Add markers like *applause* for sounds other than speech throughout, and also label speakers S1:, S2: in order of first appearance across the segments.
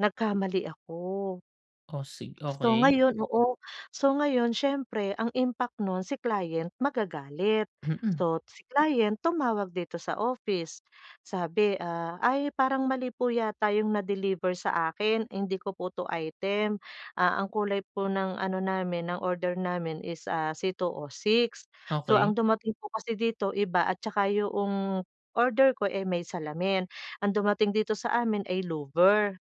S1: Nagkamali ako.
S2: Oh, sig
S1: So,
S2: okey.
S1: ngayon oo. So ngayon, siyempre, ang impact nun si client magagalit.
S2: Mhm.
S1: So, si client tumawag dito sa office sabi ah: "Ay, parang mali po yata 'yong na-deliver sa akin. Hindi ko po 'to item ah, ang kulay po ng ano namin ng order namin is ah C206 So,
S2: Okey.
S1: ang dumating po kasi dito iba, at 'tsaka 'yong order ko eh, may salamin. *gasps* Ang dumating dito sa amin ay louver."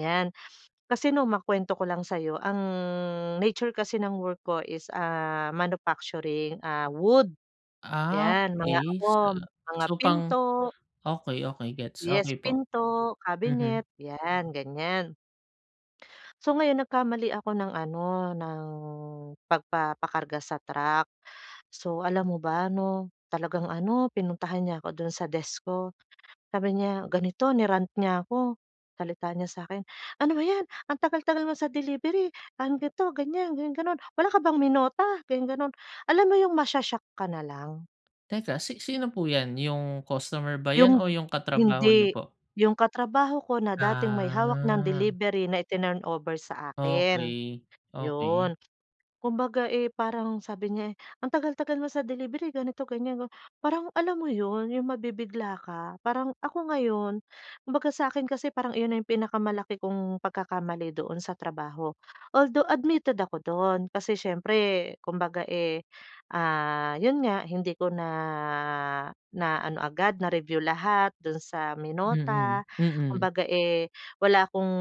S1: 'Yan. *sniffs* Kasi nong, makwento ko lang sa'yo, ang nature kasi ng work ko is ah, manufacturing ah wood
S2: Ah,
S1: 'Yan, mga
S2: okey sa
S1: ano, mga
S2: so pang
S1: pinto
S2: okey, okey gets.
S1: yes,
S2: Okey po.
S1: pinto,
S2: Mhm.
S1: kabinet, 'yan ganyan. *gasps* So, ngayon nagkamali ako ng ano, ng pagpapakarga sa truck. So, alam mo ba 'no, talagang ano, pinuntahan niya ako do'n sa desk ko. *gasps* Sabi niya ganito, ni-rant niya ako, salita niya sa akin: "Ano ba 'yan ang tagal-tagal mo sa delivery, ah, ganto, ganyan ganon-ganon. Wala ka bang minota?" ganon ganon. Alam mo 'yong masho-shock ka na lang.
S2: Teka, si sino po 'yan, yung customer ba 'yan o
S1: Yung
S2: yung katrabaho niyo
S1: hindi,
S2: po?
S1: yung katrabaho ko na dating may hawak ng
S2: Ah.
S1: delivery na itinurn over sa akin.
S2: Okey. Okey.
S1: Yun, kumbaga eh, parang sabi niya eh: "Ang tagal-tagal mo sa delivery, ganito, ganyan." Parang alam mo 'yun, yung mabibigla ka Parang ako ngayon kumbaga sa akin kasi parang iyon na yung pinakamalaki kong pagkakamali doon sa trabaho. *breath* Although admitted ako doon. Kasi siyempre kumbaga eh ah, *gasps* 'yun nga, hindi ko na na ano agad, na review lahat do'n sa
S2: Mhm,
S1: minota. *gasps*
S2: mhm.
S1: Kumbaga eh wala akong,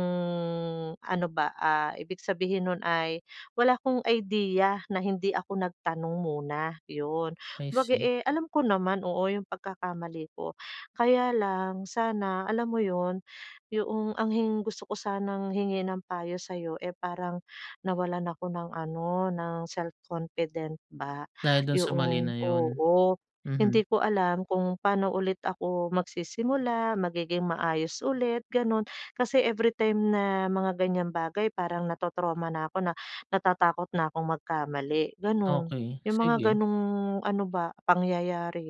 S1: ano ba ah, ibig sabihin no'n ay wala akong idea na hindi ako nagtanong muna,'yun.
S2: I
S1: Kumbaga
S2: see.
S1: eh, alam ko naman, oo, yung pagkakamali ko. *gasps* Kaya lang sana, alam mo 'yun, *gasps* yung ang gusto ko sanang hingin ng payo sa'yo eh, *gasps* parang nawalan ako ng ano ng self-confident ba. *gasps*
S2: Dahil do'n sa mali
S1: Yun
S2: na 'yon.
S1: oo.
S2: Mhm.
S1: Hindi ko alam kung paano ulit ako magsisimula, magiging maayos ulit, gano'n. Kasi *gasps* everytime na mga ganyang bagay, parang na-trau-trauma na ako na *gasps* natatakot na akong magkamali, gano'n.
S2: Okey,
S1: Yung mga
S2: sige.
S1: gano'ng ano ba pangyayari.